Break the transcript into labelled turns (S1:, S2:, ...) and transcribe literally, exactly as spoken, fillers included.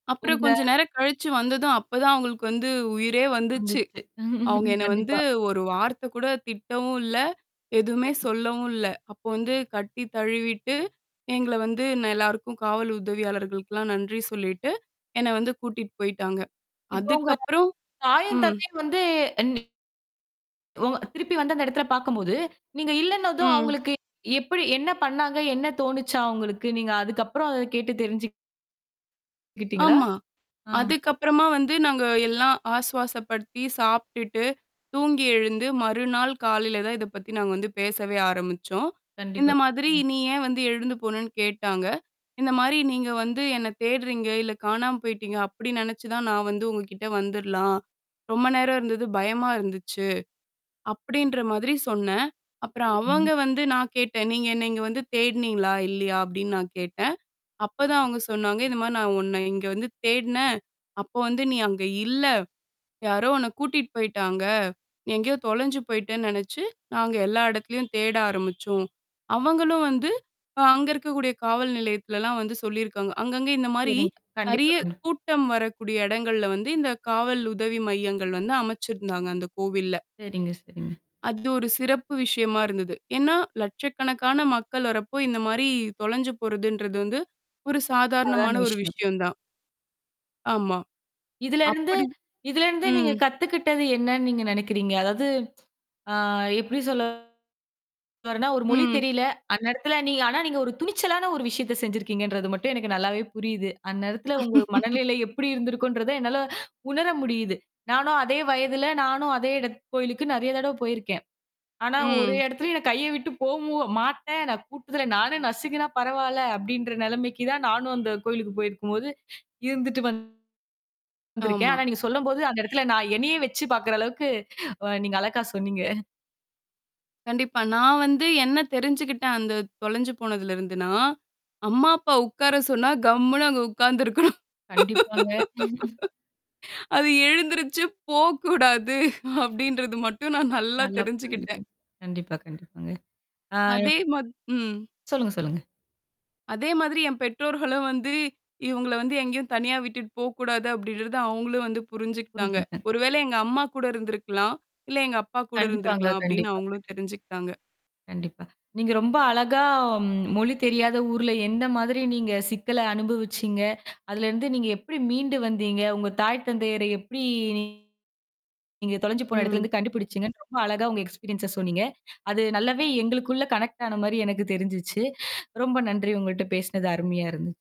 S1: அப்புறம்
S2: உங்க.
S1: கொஞ்சம் நேரம் கழிச்சு வந்ததும் அப்ப தான் அவுங்களுக்கு வந்து உயிரே வந்துச்சு.
S2: வந்துச்சு.
S1: அவுங்க என்ன வந்து
S2: கண்டிப்பா.
S1: ஒரு வார்த்தைகூட திட்டவும் இல்ல. எதுவுமே
S2: சரிங்க
S1: சொல்லவும் இல்ல. அப்போ வந்து கட்டி தழுவிட்டு, எங்கள வந்து ந எல்லாருக்கும் காவல் உதவியாளர்களுக்குலாம் நன்றி சொல்லிட்டு, என்ன வந்து கூட்டிட்டு போயிட்டாங்க.
S2: இப்போ உங்க
S1: அதுக்கப்புறம்.
S2: தாயும்
S1: ம்.
S2: தத்தையும் வந்து [unintelligible] உங்க திருப்பி வந்த அந்த எடத்தல பார்க்கும்போது, நீங்க இல்லன்னதும்
S1: ம்.
S2: அவுங்களுக்கு எப்பிடி என்ன பண்ணாங்க? என்ன தோணுச்சாம் அவுங்களுக்கு? நீங்க அதுக்கப்புறம் அத கேட்டு தெரிஞ்சுக் கிட்டீங்களா?
S1: ஆமா.
S2: ஆ.
S1: அதுக்கப்புறமா வந்து நாங்க எல்லாம் ஆசுவாசப்படுத்தி சாப்பிட்டு, தூங்கி எழுந்து, மறுநாள் காலையில தான் இத பத்தி நாங்க வந்து பேசவே ஆரம்பிச்சோம். இந்த
S2: கண்டிப்பா.
S1: மாதிரி
S2: ம்.
S1: நீ ஏன் வந்து எழுந்து போனேன்னு கேட்டாங்க. இந்தமாரி நீங்க வந்து என்ன தேட்றீங்க, இல்ல காணாம போயிட்டீங்க, அப்பிடி நெனச்சு தான் நான் வந்து உங்கக்கிட்ட வந்துர்லாம். ரொம்ப நேரம் இருந்தது பயமா இருந்துச்சு. அப்பிடின்ற மாதிரி சொன்னேன். அப்புறம் அவங்க
S2: சரிங்க.
S1: வந்து நான் கேட்டேன். நீங்க என்ன வந்து தேடுனீங்களா இல்லயா? அப்பிடின்னு நான் கேட்டேன். அப்பதான் அவுங்க சொன்னாங்க. இந்தமாரி நான் உன்ன இங்க வந்து தேடினேன். அப்போ வந்து நீ அங்க இல்ல. யாரோ உன்ன கூட்டிட்டு போயிட்டாங்க. நீ எங்கேயோ தொலைஞ்சு போய்ட்டேன்னு நெனனச்சு, நாங்க எல்லா இடத்துலயும் தேட ஆரம்பிச்சோம். அவங்களும் வந்து அ அங்க இருக்கக்கூடிய காவல் நிலையத்துலலாம் வந்து சொல்லியிருக்காங்க. அங்கங்க இந்தமாரி
S2: சரிங்க. கண்டிப்பா
S1: நிறைய
S2: கண்டிப்பா.
S1: கூட்டம் வரக்கூடிய எடங்கள்ல வந்து இந்த காவல் உதவி மையங்கள் வந்து அமைச்சிருந்தாங்க அந்த கோவில்ல.
S2: சரிங்க, சரிங்க.
S1: அது ஒரு சிறப்பு விஷயமா இருந்தது. ஏன்னா லட்சக்கணக்கான மக்கள் வர்றப்போ, இந்தமாரி தொலைஞ்சு போறதுன்றது வந்து. ஒரு
S2: அழகான
S1: சாதாரணமான ஒரு
S2: விஷயம்.
S1: விஷயம் தான். ஆமா.
S2: இதுலருந்து
S1: அப்பிடி
S2: இதுலருந்து நீங்க
S1: ம்.
S2: கத்துக்கிட்டது என்னன்னு நீங்க நெனைக்கிறீங்க? அதாவது ஆ எப்பிடி சொல்ல வர்றேன்னா ஒரு மொழி
S1: ம்.
S2: தெரியல. அந்நேரத்துல நீங்க ஆனா நீங்க ஒரு துணிச்சலான ஒரு விஷயத்த செஞ்சுருக்கீங்கன்றது மட்டும் எனக்கு நல்லாவே புரியுது. அந்நேரத்துல உங்க மனநிலை எப்பிடி இருந்திருக்குன்றத என்னால உணர முடியுது. நானும் அதே வயதுல, நானும் அதே இட கோயிலுக்கு நெறைய தடவ போயிருக்கேன். ஆனா ஒரே
S1: ம்.
S2: இடத்துலயும் என்ன கைய விட்டு போமு மாட்டேன். நான் கூட்டத்துல நானு நசுங்குன்னா பரவால்ல, அப்பிடின்ற நிலைமைக்கு தான் நானும் அந்த கோவிலுக்கு போயிருக்கும்போது இருந்துட்டு வந் வந்தருக்கேன்
S1: ஆமா.
S2: ஆனா நீங்க சொல்லும்போது அந்த இடத்துல நான் என்னையே வச்சு பார்க்கிற அளவுக்கு அ நீங்க அழகா சொன்னீங்க.
S1: கண்டிப்பா. நான் வந்து என்ன தெரிஞ்சுக்கிட்டேன் அந்த தொலைஞ்சு போனதுல இருந்துன்னா. அம்மா, அப்பா உட்கார சொன்னா, கம்ன்னு அங்க உட்கார்ந்துருக்கணும்.
S2: கண்டிப்பாங்க.
S1: அது எழுந்துருச்சு போ கூடாது அப்பிடின்றது மட்டும் நான் நல்லா
S2: நல்லா
S1: தெரிஞ்சுக்கிட்டேன்.
S2: பண்ணிருக்கீங்க. கண்டிப்பா, கண்டிப்பாங்க. ஆ.
S1: அதே மா ம்.
S2: சொல்லுங்க, சொல்லுங்க.
S1: அதேமாதிரி என் பெற்றோர்களும் வந்து இவுங்கள வந்து எங்கேயும் தனியா விட்டுட்டு போ கூடாது அப்பிடின்றத அவுங்களும் வந்து புரிஞ்சுக்கிட்டாங்க.
S2: புரிஞ்சுக்கிட்டேன்
S1: ஒரு வேளை எங்க அம்மாகூட இருந்திருக்கலாம், இல்ல எங்க அப்பா கூட
S2: கண்டிப்பாங்க
S1: இருந்திருக்கலாம், அப்பிடின்னு
S2: கண்டிப்பாங்க.
S1: அவுங்களும் தெரிஞ்சுக்கிட்டாங்க.
S2: கண்டிப்பா. நீங்க ரொம்ப அழகா மொழி தெரியாத ஊர்ல எந்தமாதிரி நீங்க சிக்கல அனுபவிச்சீங்க? அதலருந்து நீங்க எப்பிடி மீண்டு வந்தீங்க? உங்க தாய் தந்தையரை எப்பிடி நீங்க நீங்க தொலஞ்சு போன
S1: ம்.
S2: இடத்துலேருந்து கண்டுபிடிச்சுங்கன்னு ரொம்ப அழகா உங்க எக்ஸ்பீரியன்ஸ சொன்னீங்க. அது நல்லாவே எங்களுக்குள்ள கனெக்ட் ஆனமாரி எனக்கு தெரிஞ்சுச்சு. ரொம்ப நன்றி உங்கள்ட்ட பேசினது அருமையா இருந்துச்சு.